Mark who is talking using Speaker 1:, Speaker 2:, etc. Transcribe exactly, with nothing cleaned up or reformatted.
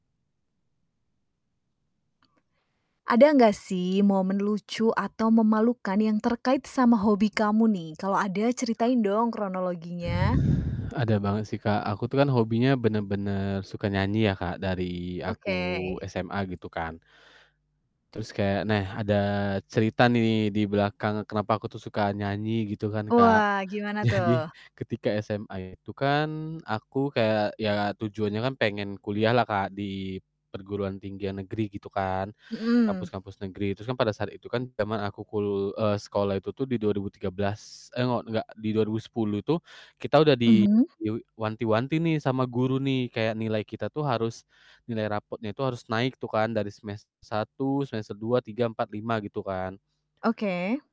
Speaker 1: Ada enggak sih momen lucu atau memalukan yang terkait sama hobi kamu nih? Kalau ada ceritain dong kronologinya.
Speaker 2: Ada banget sih, Kak. Aku tuh kan hobinya bener-bener suka nyanyi ya, Kak, dari aku
Speaker 1: Oke.
Speaker 2: SMA gitu kan. Terus kayak nah ada cerita nih di belakang kenapa aku tuh suka nyanyi gitu kan Kak.
Speaker 1: Wah, gimana
Speaker 2: Jadi
Speaker 1: tuh?
Speaker 2: ketika SMA itu kan aku kayak ya tujuannya kan pengen kuliahlah, Kak, di perguruan tinggi ya negeri gitu kan,
Speaker 1: Mhm.
Speaker 2: kampus-kampus negeri. Terus kan pada saat itu kan jaman aku kul eee, sekolah itu tuh di dua ribu tiga belas eh, ngo enggak, di dua ribu sepuluh itu kita udah di
Speaker 1: Mhm.
Speaker 2: yo wanti-wanti nih sama guru nih. Kayak nilai kita tuh harus nilai raportnya tuh harus naik tuh kan dari semester satu, semester dua, tiga, empat, lima gitu kan.
Speaker 1: Oke.